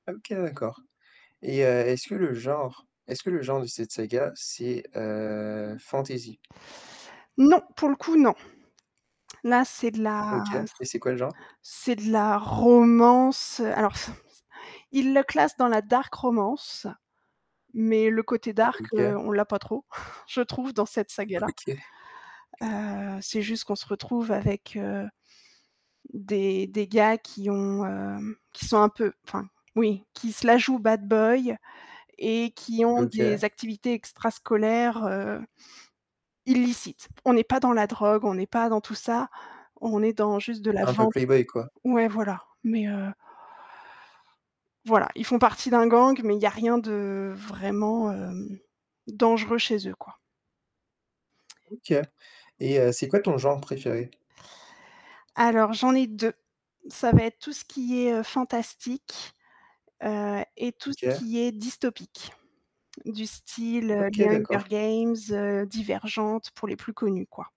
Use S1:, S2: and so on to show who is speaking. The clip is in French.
S1: Ah, OK, d'accord. Et, heu, est-ce que le genre est-ce que le genre de cette saga, c'est, heu, fantasy?
S2: Non, pour le coup, non. Là c'est de la
S1: OK. Et c'est quoi le genre?
S2: c'est de la romance, alors ils le classent dans la dark romance, mais le côté dark, heu,
S1: OK.
S2: on l'a pas trop, je trouve, dans cette saga-là,
S1: OK.
S2: heu, c'est juste qu'on se retrouve avec heu, des des gars qui ont, heu, qui, sont un peu enfin, oui, qui se la jouent bad boy et qui ont des
S1: OK.
S2: activités extrascolaires, heu, illicites. On est pas dans la drogue, on est pas dans tout ça, on est dans juste de la
S1: Un peu
S2: vente
S1: play-boy, quoi?
S2: ouais, voilà, mais heu Voilà, ils font partie d'un gang, mais il y a rien de vraiment heu, dangereux chez eux, quoi.
S1: OK. et heu, c'est quoi ton genre préféré?
S2: Alors j'en ai 2, ça va être tout ce qui est, heu, fantastique, heu et tout ce
S1: OK.
S2: qui est dystopique, du style, heu,
S1: OK
S2: les Hunger
S1: d'accord.
S2: Games, heu, Divergente, pour les plus connus, quoi.